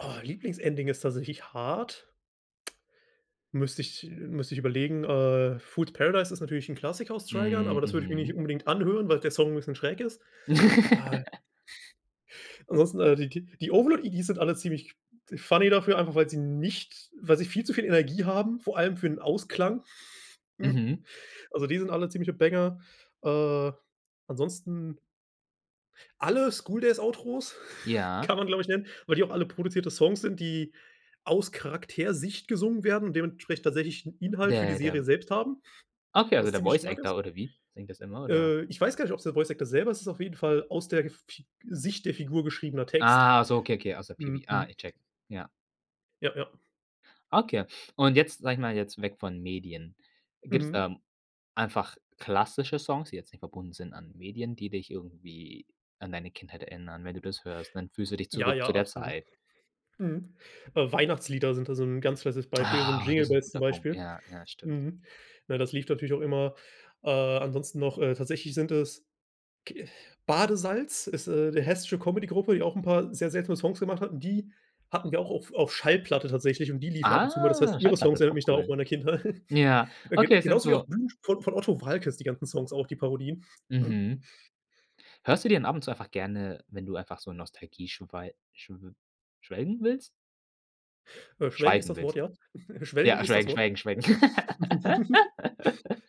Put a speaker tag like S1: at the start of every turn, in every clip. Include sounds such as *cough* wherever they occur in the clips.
S1: Oh, Lieblingsending ist tatsächlich hart. Müsste ich äh, müsste ich überlegen, äh, Fool's Paradise ist natürlich 'n Klassiker aus Trigun,
S2: Hm,
S1: aber das würde ich mich nicht
S2: mhm.
S1: unbedingt anhören, weil der Song 'n bisschen schräg ist, äh.
S2: *laughs*
S1: Ansonsten, äh, die die die Overlord EDs sind alle ziemlich funny dafür, einfach weil sie nicht weil sie viel zu viel Energie haben, vor allem für 'n Ausklang. *snorts*
S2: Mhm.
S1: Also, die sind alle ziemliche Banger, äh, ansonsten alle School Days Outros *snorts*
S2: Ja.
S1: kann man, glaube ich, nennen, weil die auch alle produzierte Songs sind, die aus Charaktersicht gesungen werden und dementsprechend tatsächlich 'n Inhalt für die
S2: Der,
S1: Serie
S2: dem
S1: selbst haben,
S2: Okay,
S1: *snorts*
S2: also
S1: was
S2: der
S1: ziemlich
S2: Voice
S1: stark ist.
S2: Actor oder wie? Singt das immer oder?
S1: Äh, ich weiß gar nicht, ob's der Voice Actor selber, es ist auf jeden Fall aus der Fi Sicht der Figur geschriebener Text.
S2: Ah, ach so, okay, okay, aus der PV,
S1: Mhm, mhm.
S2: ich checke, ja.
S1: Ja, ja.
S2: Okay. Und jetzt, sage ich mal, jetzt weg von Medien. Gibt's
S1: Mhm.
S2: da einfach klassische Songs, die jetzt nicht verbunden sind an Medien, die dich irgendwie an deine Kindheit erinnern, wenn du das hörst, dann fühlst du dich
S1: Ja,
S2: zurück
S1: ja,
S2: zu der
S1: absolut.
S2: Zeit
S1: Mhm, äh, Weihnachtslieder sind da so 'n ganz festes Beispiel, so 'n
S2: Ah,
S1: Jingle
S2: das ist 'n
S1: Bells zum
S2: guter Punkt.
S1: Beispiel. *snorts*
S2: Ja, ja, stimmt.
S1: Mhm, ne, das lief natürlich auch immer äh, ansonsten noch, äh, tatsächlich sind es ke Badesalz? Ist, äh, 'ne hessische Comedy Gruppe, die auch 'n paar sehr seltsame Songs gemacht hatten. Die hatten wir auch auf auf Schallplatte tatsächlich und die liefen ab und zu mal. Das heißt,
S2: Ah,
S1: ihre
S2: Schallplatte
S1: Songs
S2: ist
S1: erinnern
S2: auch
S1: mich da auch an
S2: cool.
S1: meine Kindheit,
S2: Ja,
S1: äh, ge
S2: okay, es sind
S1: genauso wie auch
S2: so
S1: *unintelligible* von von Otto Waalkes, die ganzen Songs auch, die Parodien, hm.
S2: Mhm.
S1: *snorts*
S2: Hörst du dir denn ab und zu einfach gerne, wenn du einfach so Nostalgie schwei schw schwelgen willst?
S1: Äh, schwelgen ist
S2: Schweifen
S1: das Wort,
S2: willst.
S1: ja. *chuckles* Schwelgen
S2: Ja,
S1: ist das
S2: schwelgen,
S1: Wort.
S2: schwelgen, schwelgen.
S1: *chuckles*
S2: *laughs*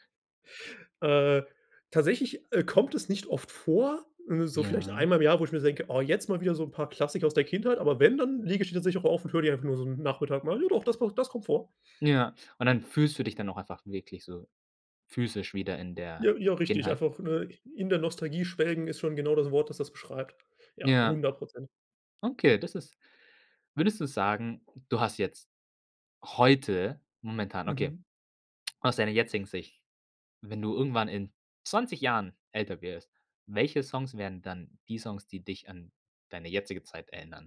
S1: Äh, tatsächlich, äh, kommt es nicht oft vor, so vielleicht
S2: Ja.
S1: einmal im Jahr, wo ich mir denke: „Oh, jetzt mal wieder so 'n paar Klassiker aus der Kindheit“, aber wenn, dann lege ich die tatsächlich auch auf und höre die einfach nur so 'n Nachmittag mal, ja, doch, das macht das kommt vor.
S2: Ja. Und dann fühlst du dich dann auch einfach wirklich so physisch wieder in der
S1: Ja, ja, richtig,
S2: Kindheit?
S1: einfach, ne? In der Nostalgie schwelgen ist schon genau das Wort, das das beschreibt. Ja,
S2: Ja,
S1: 100 %.
S2: okay, das ist Würdest du sagen, du hast jetzt heute momentan okay,
S1: Mhm.
S2: aus deiner jetzigen Sicht, wenn du irgendwann in 20 Jahren älter wirst, welche Songs werden dann die Songs, die dich an deine jetzige Zeit erinnern?